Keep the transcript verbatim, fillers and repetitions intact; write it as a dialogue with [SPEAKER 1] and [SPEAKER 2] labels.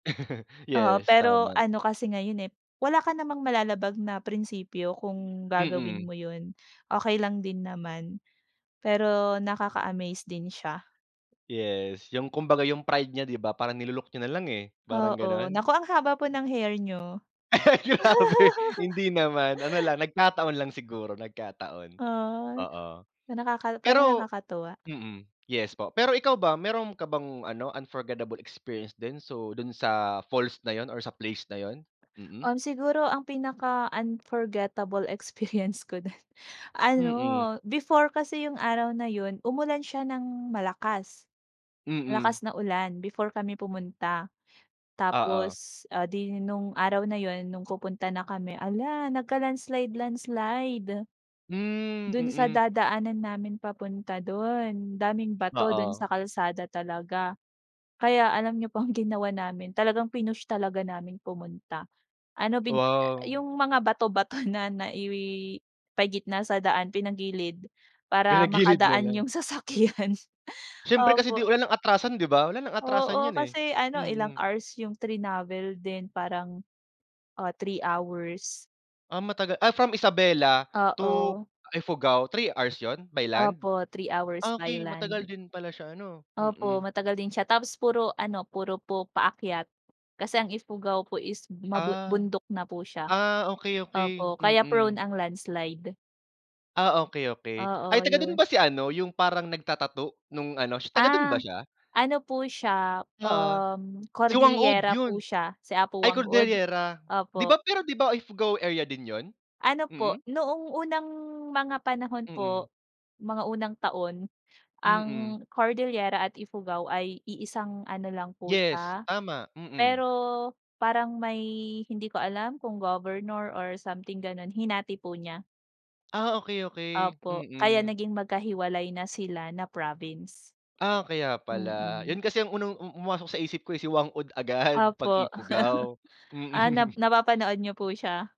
[SPEAKER 1] Oo,
[SPEAKER 2] Yes,
[SPEAKER 1] pero
[SPEAKER 2] tama.
[SPEAKER 1] ano kasi ngayon, eh, wala ka namang malalabag na prinsipyo kung gagawin
[SPEAKER 2] Mm.
[SPEAKER 1] mo 'yun. Okey lang din naman. Pero nakaka-amaze din siya.
[SPEAKER 2] Yes, yung kumbaga yung pride niya 'di ba parang nilunok niya nalang, eh, parang
[SPEAKER 1] Oo,
[SPEAKER 2] gano'n.
[SPEAKER 1] naku ang haba po ng hair niyo.
[SPEAKER 2] Grabe hindi naman ano lang nagkataon lang siguro nagkataon,
[SPEAKER 1] Ah,
[SPEAKER 2] oo.
[SPEAKER 1] nakaka pero
[SPEAKER 2] Pero
[SPEAKER 1] nakakatuwa.
[SPEAKER 2] mm, yes po, pero ikaw ba mayro'n ka bang ano, unforgettable experience din? So do'n sa falls na 'yun or sa place na 'yun? Mm.
[SPEAKER 1] Um, siguro ang pinaka-unforgettable experience ko din, ano
[SPEAKER 2] Mm.
[SPEAKER 1] before kasi yung araw na 'yun umulan siya ng malakas. Malakas
[SPEAKER 2] Mm.
[SPEAKER 1] na ulan before kami pumunta
[SPEAKER 2] Oo.
[SPEAKER 1] tapos, ah, 'di nung araw na 'yun nung pupunta na kami ala nagka-landslide landslide.
[SPEAKER 2] Hmm,
[SPEAKER 1] Do'n sa
[SPEAKER 2] mm.
[SPEAKER 1] dadaanan namin papunta do'n, daming bato do'n
[SPEAKER 2] Oo.
[SPEAKER 1] sa kalsada talaga. Kaya alam niyo pong ginawa namin, talagang pinush talaga namin pumunta. Ano bin
[SPEAKER 2] Wow!
[SPEAKER 1] yung mga bato-bato na naipagitna sa daan pinagilid, para
[SPEAKER 2] Pinagilid na
[SPEAKER 1] makadaan
[SPEAKER 2] lang.
[SPEAKER 1] yung sasakyan,
[SPEAKER 2] Siyempre kasi
[SPEAKER 1] opo.
[SPEAKER 2] 'di wala ng atrasan 'di ba, wala nang atrasan
[SPEAKER 1] Oo,
[SPEAKER 2] yan, eh.
[SPEAKER 1] kasi ano ilang
[SPEAKER 2] Mm.
[SPEAKER 1] hours yung trinavel din parang, ah, three hours.
[SPEAKER 2] Ah, matagal ah, from Isabela to
[SPEAKER 1] Oo.
[SPEAKER 2] Ifugao three hours 'yun, by land?
[SPEAKER 1] Opo, three hours by
[SPEAKER 2] Okey, matagal
[SPEAKER 1] land.
[SPEAKER 2] din pala siya ano,
[SPEAKER 1] Opo,
[SPEAKER 2] mm.
[SPEAKER 1] matagal din siya tapos puro ano, puro po paakyat, kasi ang Ifugao po is mabun
[SPEAKER 2] Ah.
[SPEAKER 1] bundok na po siya.
[SPEAKER 2] Ah, okey, okey,
[SPEAKER 1] Opo kaya prone
[SPEAKER 2] mm.
[SPEAKER 1] ang landslide.
[SPEAKER 2] Ah, okey, okey, ay
[SPEAKER 1] Oo,
[SPEAKER 2] taga do'n
[SPEAKER 1] 'yun.
[SPEAKER 2] ba si ano yung parang nagta-tattoo nung ano taga do'n ba
[SPEAKER 1] Ah,
[SPEAKER 2] siya?
[SPEAKER 1] ano po siya,
[SPEAKER 2] Oo,
[SPEAKER 1] um,
[SPEAKER 2] si Whang-Od
[SPEAKER 1] Cordilera
[SPEAKER 2] 'yon.
[SPEAKER 1] po siya si Apo
[SPEAKER 2] Ay
[SPEAKER 1] Whang-Od,
[SPEAKER 2] Cordillera, 'di
[SPEAKER 1] opo.
[SPEAKER 2] ba pero 'di ba Ifugao area din 'yun,
[SPEAKER 1] Ano po,
[SPEAKER 2] mm?
[SPEAKER 1] noong unang mga panahon
[SPEAKER 2] Mm.
[SPEAKER 1] po, mga unang taon,
[SPEAKER 2] Mm.
[SPEAKER 1] ang Cordillera at Ifugao ay iisang ano lang po
[SPEAKER 2] Yes,
[SPEAKER 1] siya.
[SPEAKER 2] tama. Mm.
[SPEAKER 1] Pero parang may hindi ko alam kung governor or something gano'n hinati po niya.
[SPEAKER 2] Ah, okey-okey.
[SPEAKER 1] Opo, kaya
[SPEAKER 2] Mm.
[SPEAKER 1] naging magkahiwalay na sila na province.
[SPEAKER 2] Ah, kaya pala.
[SPEAKER 1] Mm.
[SPEAKER 2] 'Yun kasi ang unang, um pumasok sa isip ko, eh, si Whang-Od agad 'pag
[SPEAKER 1] Opo.
[SPEAKER 2] Ifugao,
[SPEAKER 1] Ah, nap
[SPEAKER 2] mm.
[SPEAKER 1] napapanood niyo po siya?